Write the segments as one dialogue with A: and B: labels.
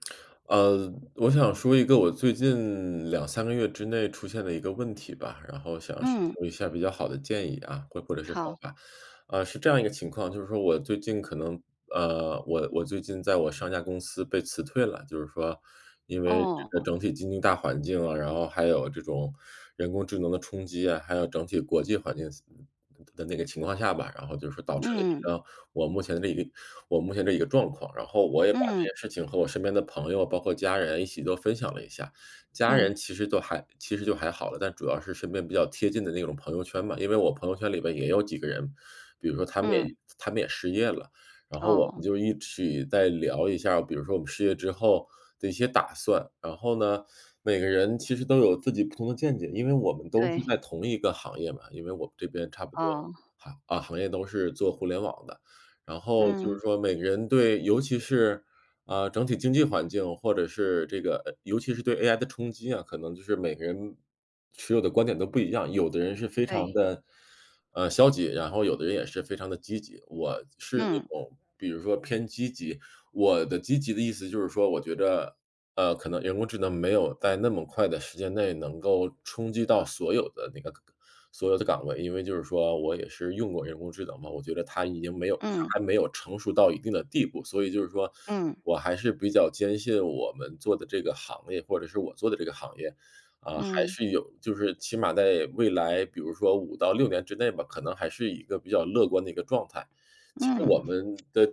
A: 呃，我想说一个我最近2-3个月之内出现的一个问题吧，然后想寻
B: 嗯。
A: 求一下比较好的建议，啊，或或者是方
B: 好。
A: 法。啊，是这样一个情况，就是说我最近可能，呃我我最近在我上家公司被辞退了。就是说，因为
B: 哦，
A: 这个
B: 哦。
A: 整体经济大环境，啊，然后还有这种人工智能的冲击，啊，还有整体国际环境的那个情况下吧，然后就是导致了一
B: 嗯。
A: 个我目前这一个我目前这一个状况。然后我也把这
B: 嗯。
A: 些事情和我身边的朋友，包括家人一起都分享了一下。家人
B: 嗯。
A: 其实都还其实就还好了，但主要是身边比较贴近的那种朋友圈嘛。因为我朋友圈里面也有几个人，比如说他们也
B: 嗯。
A: 他们也失业了。然后我们
B: 哦。
A: 就一起在聊一下，比如说我们失业之后的一些打算。然后呢，每个人其实都有自己不同的见解，因为我们都是
B: 对。
A: 在同一个行业嘛，因为我们这边差不多，
B: 哦。
A: 啊行业都是做互联网的。然后就是
B: 嗯。
A: 说每个人对尤其是，啊，整体经济环境或者是这个尤其是对 AI 的冲击啊，可能就是每个人持有的观点都不一样。有的人是非常
B: 对。
A: 地，呃，消极，然后有的人也是非常地积极。我是那
B: 嗯。
A: 种比如说偏积极。我的积极的意思就是说，我觉得，呃，可能人工智能没有在那么快的时间内，能够冲击到所有的那个所有的岗位，因为就是说我也是用过人工智能嘛，我觉得它已经没有
B: 嗯。
A: 它还没有成熟到一定的地步。所以就是说，
B: 嗯。
A: 我还是比较坚信我们做的这个行业，或者是我做的这个行业。呃，还
B: 嗯。
A: 是有就是，起码在未来，比如说5到6年之内吧，可能还是一个比较乐观的一个状态。其实我
B: 嗯。
A: 们的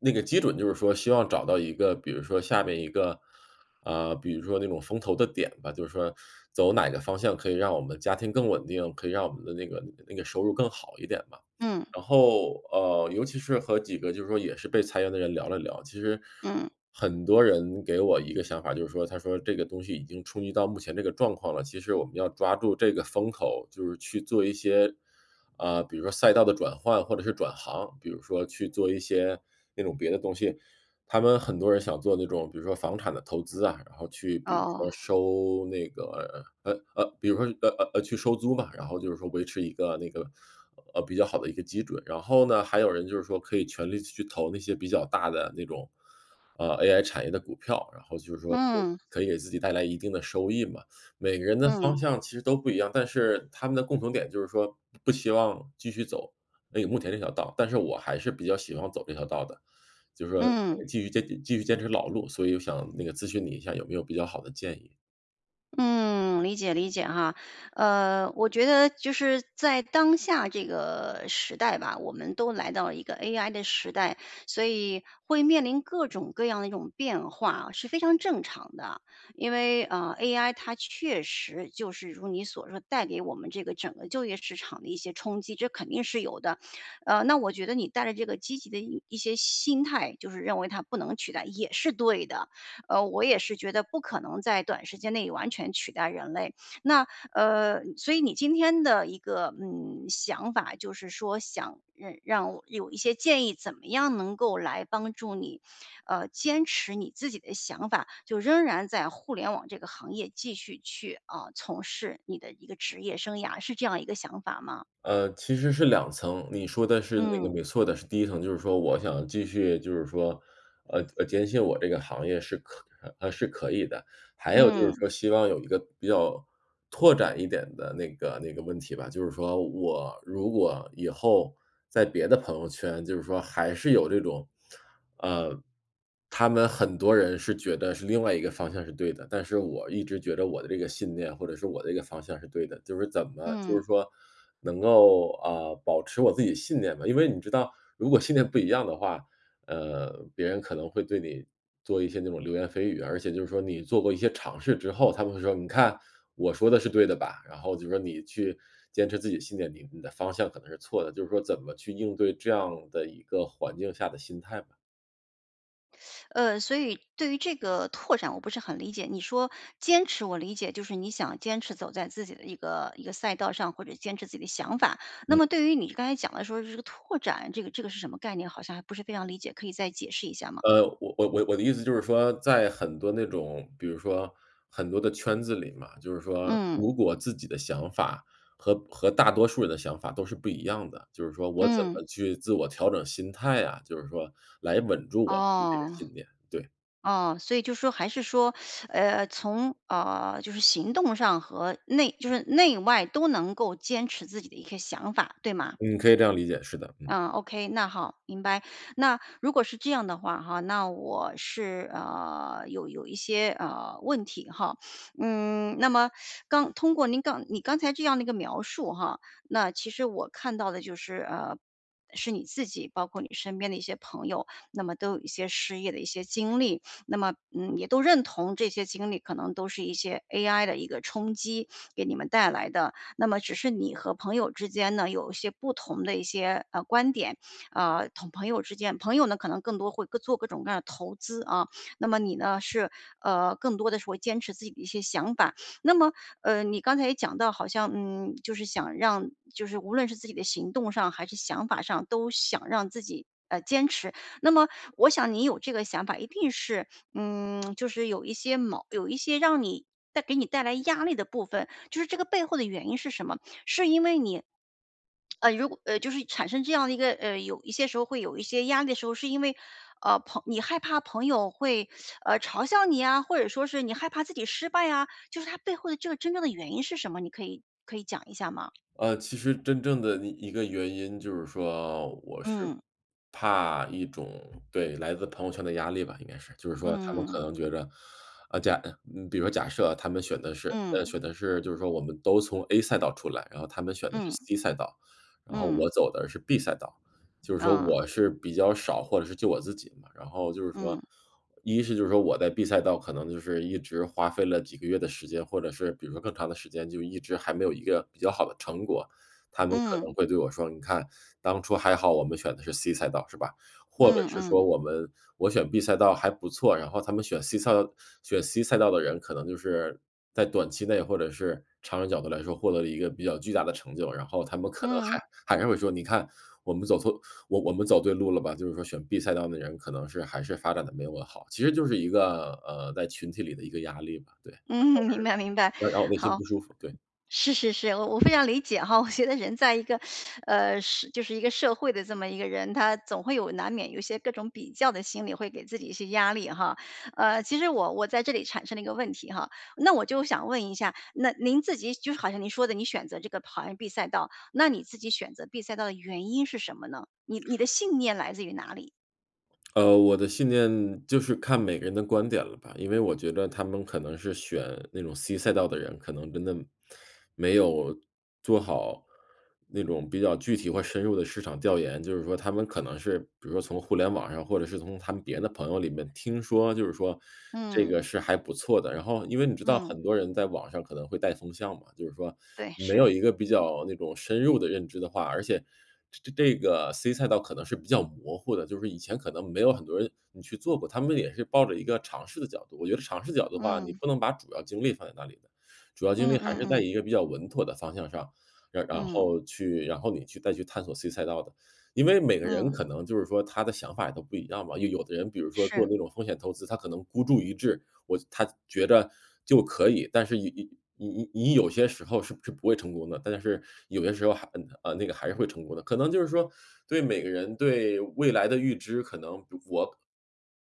A: 那个基准就是说，希望找到一个比如说下面一个，呃比如说那种风头的点吧。就是说走哪个方向，可以让我们家庭更稳定，可以让我们的那个那个收入更好一点吧。
B: 嗯。
A: 然后，呃尤其是和几个就是说也是被裁员的人聊了聊。其实，
B: 嗯。
A: 很多人给我一个想法，就是说，他说这个东西已经冲击到目前这个状况了，其实我们要抓住这个风口，就是去做一些，呃，比如说赛道的转换或者是转行。比如说去做一些，那种别的东西。他们很多人想做那种比如说房产的投资啊，然后去比如说
B: 哦。
A: 收那个，呃呃比如说，呃呃呃，去收租嘛，然后就是说维持一个那个，呃，比较好的一个基准。然后呢，还有人就是说可以全力去投那些比较大的那种，呃，AI 产业的股票，然后就是说
B: 嗯。
A: 可以给自己带来一定的收益嘛。每个人的
B: 嗯。
A: 方向其实都不一样，但是他们的共同点就是说，不希望继续走那个目前那条道。但是我还是比较喜欢走这条道的，就是说
B: 嗯。
A: 继续坚持继续坚持老路，所以我想那个咨询你一下，有没有比较好的建议？
B: 嗯，理解理解哈。呃，我觉得就是，在当下这个时代吧，我们都来到了一个 AI 的时代。所以会面临各种各样的一种变化，是非常正常的。因为，嗯，AI 它确实就是如你所说，带给我们这个整个就业市场的一些冲击，这肯定是有的。呃，那我觉得你带着这个积极的一些心态，就是认为它不能取代也是对的。呃，我也是觉得，不可能在短时间内完全取代人类。那，呃所以你今天的一个，嗯，想法，就是说想让我有一些建议，怎么样能够来帮助你，呃，坚持你自己的想法。就仍然在互联网这个行业继续去，啊，从事你的一个职业生涯，是这样一个想法吗？
A: 呃，其实是2层。你说的是那个
B: 嗯。
A: 没错的，是第1层。就是说我想继续就是说，呃呃，坚信我这个行业是可是可以的。还有就是
B: 嗯。
A: 说希望有一个比较拓展一点的那个那个问题吧。就是说我如果以后在别的朋友圈，就是说还是有这种，呃他们很多人是觉得是另外一个方向是对的，但是我一直觉着我的这个信念，或者是我这个方向是对的。就是怎么就
B: 嗯。
A: 是说，能够，呃，保持我自己信念吗？因为你知道如果信念不一样的话，呃，别人可能会对你做一些那种流言蜚语。而且就是说，你做过一些尝试之后，他们会说：“你看，我说的是对的吧。”然后就说：“你去坚持自己的信念，你你的方向可能是错的。“就是说怎么去应对这样的一个环境下的心态吧。
B: 呃，所以对于这个拓展我不是很理解，你说坚持我理解，就是你想坚持走在自己的一个一个赛道上，或者坚持自己的想法。那
A: 嗯。
B: 么对于你刚才讲的，说是这个拓展，这个这个是什么概念，好像还不是非常理解，可以再解释一下吗？
A: 呃，我我我的意思就是说，在很多那种比如说很多的圈子里嘛，就是说，
B: 嗯。
A: 如果自己的想法，和和大多数人的想法都是不一样的，就是说我怎
B: 嗯。
A: 么去自我调整心态啊，就是说来稳住我自己的
B: 哦，
A: 信念，对。
B: 哦，所以就说还是说，呃，从呃，就是行动上和内就是内外都能够坚持自己的一个想法，对吗？
A: 嗯，可以这样理解，是的，嗯。
B: 嗯，OK，那好，明白。那如果是这样的话哈，那我是呃，有有一些，呃，问题哈。嗯，那么刚通过您刚你刚才这样的一个描述哈，那其实我看到的就是呃，是你自己，包括你身边的一些朋友，那么都有一些失业的一些经历，那么，嗯，也都认同这些经历，可能都是一些 AI 的一个冲击，给你们带来的。那么只是你和朋友之间呢，有一些不同的一些，呃，观点。啊，同朋友之间朋友呢，可能更多会做各种各样的投资啊，那么你呢，是呃，更多的是会坚持自己的一些想法。那么，呃，你刚才也讲到，好像嗯，就是想让就是无论是自己的行动上，还是想法上都想让自己，呃，坚持。那么我想你有这个想法，一定是嗯，就是有一些矛有一些让你带给你带来压力的部分，就是这个背后的原因是什么？是因为你呃，如果呃，就是产生这样的一个呃，有一些时候会有一些压力的时候，是因为，呃，朋你害怕朋友会，呃，嘲笑你呀，或者说是你害怕自己失败啊，就是它背后的这个真正的原因是什么，你可以可以讲一下吗？
A: 呃，其实真正的一一个原因，就是说我是
B: 嗯。
A: 怕一种对，来自朋友圈的压力吧，应该是。就是说他们可
B: 嗯。
A: 能觉着呃，假呃，嗯，比如假设他们选的是呃，
B: 嗯。
A: 选的是就是说我们都从 A 赛道出来，然后他们选的是
B: 嗯。
A: C 赛道。然后
B: 嗯。
A: 我走的是 B 赛道，就是说
B: 嗯。
A: 我是比较少，或者是就我自己嘛。然后就是说
B: 嗯。
A: 一是就是说我在 B 赛道，可能就是一直花费了几个月的时间，或者是比如说更长的时间，就一直还没有一个比较好的成果，他们可能
B: 嗯。
A: 会对我说：“你看，当初还好我们选的是 C 赛道，是吧？”或者
B: 嗯
A: 是说
B: 嗯。
A: 我们我选 B 赛道还不错，然后他们选 C 赛道选 C 赛道的人，可能就是在短期内，或者是长远角度来说，获得了一个比较巨大的成就，然后他们可能
B: 嗯。
A: 还还会说：“你看，我们走错我我们走对路了吧。”就是说选 B 赛道的人，可能是还是发展得没那么好。其实就是一个，呃，在群体里的一个压力吧，对。
B: 嗯，明白明白，
A: 然后就是呃，然后内心
B: 好。
A: 不舒服，对。
B: 是是是，我我非常理解哈，我觉得人在一个 呃，是就是一个社会的这么一个人，他总会有难免有一些各种比较的心理，会给自己一些压力哈，呃，其实我我在这里产生了一个问题哈，那我就想问一下，那您自己就是好像您说的，你选择这个跑完 B 赛道，那你自己选择 B 赛道的原因是什么呢？你你的信念来自于哪里？
A: 呃，我的信念，就是看每个人的观点了吧，因为我觉得他们可能是选那种 c 赛道的人，可能真的，没有做好那种比较具体和深入的市场调研，就是说他们可能是，比如说从互联网上，或者是从他们别的朋友里面听说，就是说这个
B: 嗯。
A: 是还不错的。然后因为你知道
B: 嗯。
A: 很多人在网上可能会带风向嘛，就是说
B: 对，
A: 没
B: 是。
A: 有一个比较那种深入的认知的话而且，这这个 c 赛道可能是比较模糊的，就是以前可能没有很多人你去做过，他们也是抱着一个尝试的角度。我觉得尝试角度的话，你
B: 嗯。
A: 不能把主要精力放在那里的，主要精
B: 嗯
A: 力还
B: 嗯
A: 是在
B: 嗯。
A: 一个比较稳妥的方向上，然然
B: 嗯。
A: 后去然后你去再去探索 c 赛道的。因为每个人
B: 嗯。
A: 可能就是说，他的想法也都不一样吧，有有的人比如说做
B: 是。
A: 那种风险投资，他可能孤注一掷我他觉着就可以，但是你你你你有些时候是不是不会成功的。但是有些时候还，呃那个还是会成功的。可能就是说对每个人对未来的预知可能我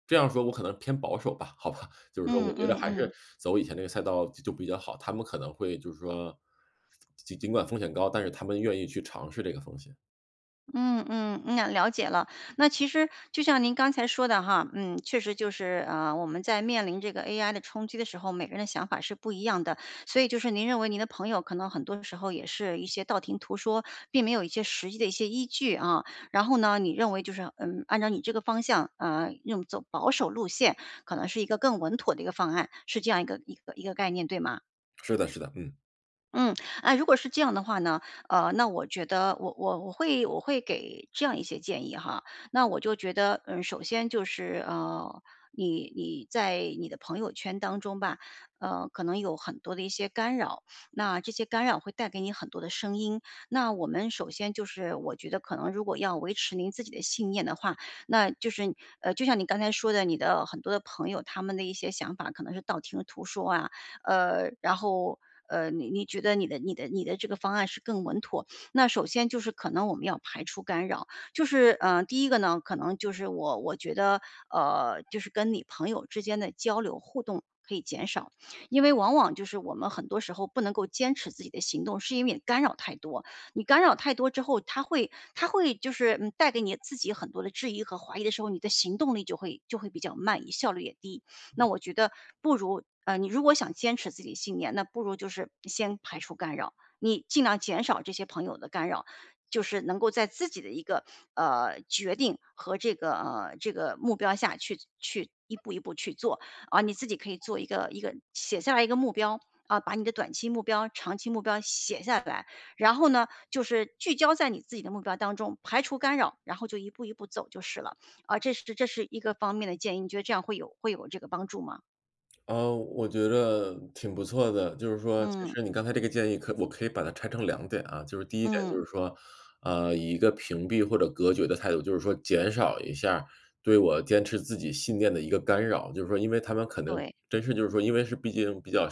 A: 这样说，我可能偏保守吧。好吧。就是说我
B: 嗯
A: 觉得
B: 嗯
A: 还
B: 嗯。
A: 是走以前那个赛道就比较好，他们可能会就是说，尽尽尽管风险高，但是他们愿意去尝试这个风险。
B: 嗯嗯，啊，了解了。那其实就像您刚才说的哈，嗯，确实就是，呃，我们在面临这个 AI 的冲击的时候，每个人的想法是不一样的。所以就是您认为您的朋友可能很多时候也是一些道听途说，并没有一些实际的一些依据啊。然后呢，你认为就是，嗯，按照你这个方向，啊，用走保守路线可能是一个更稳妥的一个方案，是这样一个一个一个概念，对吗？
A: 是的是的，嗯。
B: 嗯。哎，如果是这样的话呢，呃，那我觉得我我我会我会给这样一些建议哈。那我就觉得，嗯，首先就是，呃，你你在你的朋友圈当中吧，呃，可能有很多的一些干扰，那这些干扰会带给你很多的声音。那我们首先就是我觉得可能如果要维持您自己的信念的话，那就是你呃，就像你刚才说的你的很多的朋友，他们的一些想法可能是道听途说啊，呃，然后，呃，你你觉得你的你的你的这个方案是更稳妥。那首先就是可能我们要排除干扰，就是，呃，第一个呢，可能就是我我觉得，呃，就是跟你朋友之间的交流、互动可以减少。因为往往就是我们很多时候不能够坚持自己的行动，是因为你干扰太多。你干扰太多之后，他会他会就是，嗯，带给你自己很多的质疑和怀疑的时候，你的行动力就会就会比较慢、你效率也低。那我觉得不如呃，你如果想坚持自己的信念，那不如就是先排除干扰。你尽量减少这些朋友的干扰，就是能够在自己的一个，呃，决定和这个呃，这个目标下去去一步一步去做，啊。你自己可以做一个一个写下来一个目标，啊，把你的短期目标、长期目标写下来。然后呢，就是聚焦在你自己的目标当中，排除干扰，然后就一步一步走就是了。啊，这是这是一个方面的建议，你觉得这样会有会有这个帮助吗？
A: 嗯，我觉着挺不错的。就是说其
B: 嗯。
A: 实你刚才这个建议可我可以把它拆成2点啊。就是第1点就
B: 嗯。
A: 是说，嗯，以一个屏蔽或者隔绝的态度，就是说减少一下对我坚持自己信念的一个干扰。就是说因为他们可能
B: 对。
A: 真是就是说因为是毕竟比较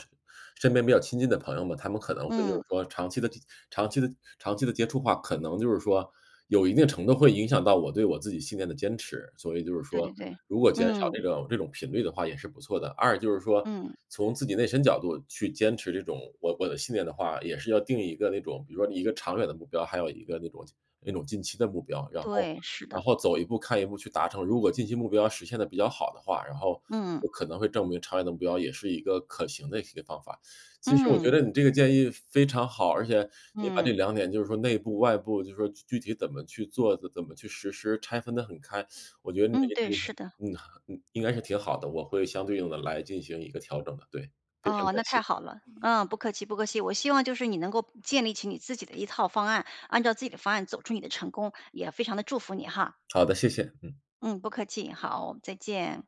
A: 身边比较亲近的朋友们，他们可能会就是
B: 嗯。
A: 说长期地长期地长期地接触话，可能就是说，有一定程度会影响到我对我自己信念的坚持。所以就是
B: 对
A: 说，
B: 对对。
A: 如果减少
B: 嗯。
A: 这种这种频率的话也是不错的。2就是说
B: 嗯。
A: 从自己内心角度去坚持这种我我的信念的话，也是要定一个那种，比如说你一个长远的目标，还有一个那种那种近期的目标，然后
B: 对，是
A: 然
B: 的。
A: 后走一步、看一步去达成。如果近期目标实现得比较好的话，然后
B: 嗯。
A: 就可能会证明长远的目标也是一个可行的一些方法。其实我觉
B: 嗯。
A: 得你这个建议非常好，而且你把这
B: 嗯。
A: 2点就是说内部外部，就说具体怎么去做的，怎怎么去实施，拆分得很开，我觉得你的
B: 嗯，
A: 这个
B: 对，
A: 建议
B: 是
A: 很
B: 的。
A: 嗯，应该是挺好的，我会相对应地来进行一个调整的。对，非常
B: 哦，那
A: 感
B: 太好
A: 谢。
B: 了。嗯，不客气不客气。我希望就是你能够建立起你自己的一套方案，按照自己的方案走出你的成功，也非常地祝福你哈。
A: 好的，谢谢。嗯。
B: 嗯，不客气。好，再见。